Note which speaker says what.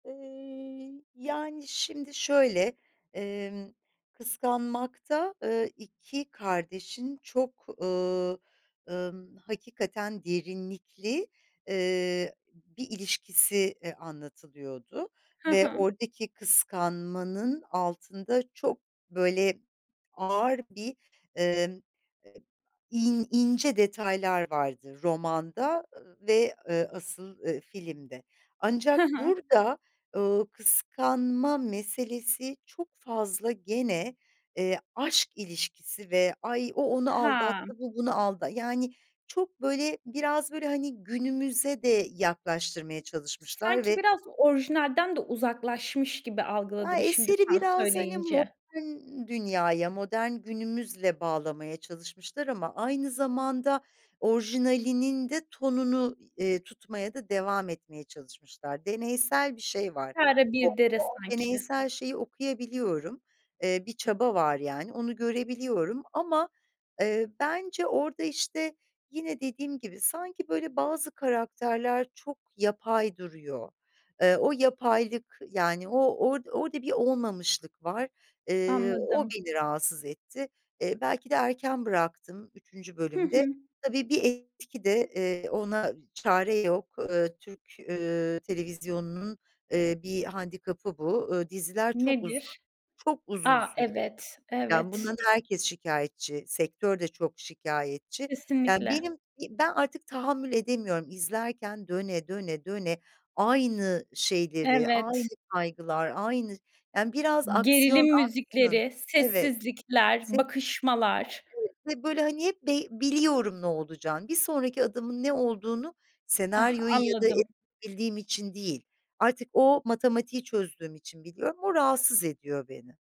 Speaker 1: Iıı, yani, şimdi şöyle: Emm, Kıskanmak'ta, ııı, 2 kardeşin çok, ııı, ımm, hakikaten derinlikli, eee, bir ilişkisi, iii, anlatılıyordu
Speaker 2: Hı
Speaker 1: ve
Speaker 2: hı.
Speaker 1: oradaki kıskanmanın altında çok, böyle, ağır bir, emm, in ince detaylar vardı romanda, ııı, ve, eee, asıl, eee, filmde.
Speaker 2: Hı
Speaker 1: Ancak
Speaker 2: hı.
Speaker 1: burada, ııı, kıskanma meselesi çok fazla gene, eee, aşk ilişkisi ve "Ay, o onu
Speaker 2: Hamm.
Speaker 1: aldattı, bu bunu alda" Yani, çok böyle biraz böyle hani günümüze de yaklaştırmaya çalışmışlar
Speaker 2: Sanki
Speaker 1: ve
Speaker 2: biraz orijinalden de uzaklaşmış gibi
Speaker 1: Ya,
Speaker 2: algıladım şimdi
Speaker 1: eseri
Speaker 2: sen
Speaker 1: biraz hani
Speaker 2: söyleyince.
Speaker 1: modern dünyaya, modern günümüzle bağlamaya çalışmışlar ama aynı zamanda orijinalinin de tonunu, eee, tutmaya da devam etmeye çalışmışlar. Deneysel bir şey var,
Speaker 2: İki ara
Speaker 1: orada
Speaker 2: bir dere
Speaker 1: o
Speaker 2: sanki.
Speaker 1: deneysel şeyi okuyabiliyorum, eee, bir çaba var yani onu görebiliyorum ama, eee, bence orada, işte, yine dediğim gibi sanki böyle bazı karakterler çok yapay duruyor. Eee, o yapaylık, yani, o or orada bir olmamışlık var. Eee, o
Speaker 2: Anladım.
Speaker 1: beni rahatsız etti. Eee, belki de erken bıraktım 3.
Speaker 2: Hı
Speaker 1: bölümde.
Speaker 2: hı.
Speaker 1: Tabii bir etki de, eee, ona çare yok. Iıı, Türk, ııı, televizyonunun, eee, bir handikapı bu. Iıı, diziler çok
Speaker 2: Nedir?
Speaker 1: uzun. Çok uzun
Speaker 2: A,
Speaker 1: sürüyor.
Speaker 2: evet,
Speaker 1: Yani
Speaker 2: evet.
Speaker 1: bundan da herkes şikâyetçi, sektör de çok şikâyetçi. Yani
Speaker 2: Kesinlikle.
Speaker 1: benim ben artık tahammül edemiyorum izlerken döne, döne, döne, aynı şeyleri, aynı
Speaker 2: Evet.
Speaker 1: kaygılar, aynı Yani biraz aksiyon
Speaker 2: Gerilim
Speaker 1: aksın
Speaker 2: müzikleri,
Speaker 1: Evet.
Speaker 2: sessizlikler,
Speaker 1: S Ya,
Speaker 2: bakışmalar...
Speaker 1: evet, ve böyle, hani, hep be biliyorum ne olacağını. Bir sonraki adımın ne olduğunu
Speaker 2: Ah,
Speaker 1: senaryoyu ya da
Speaker 2: anladım.
Speaker 1: bildiğim için değil artık o matematiği çözdüğüm için biliyorum, o rahatsız ediyor beni.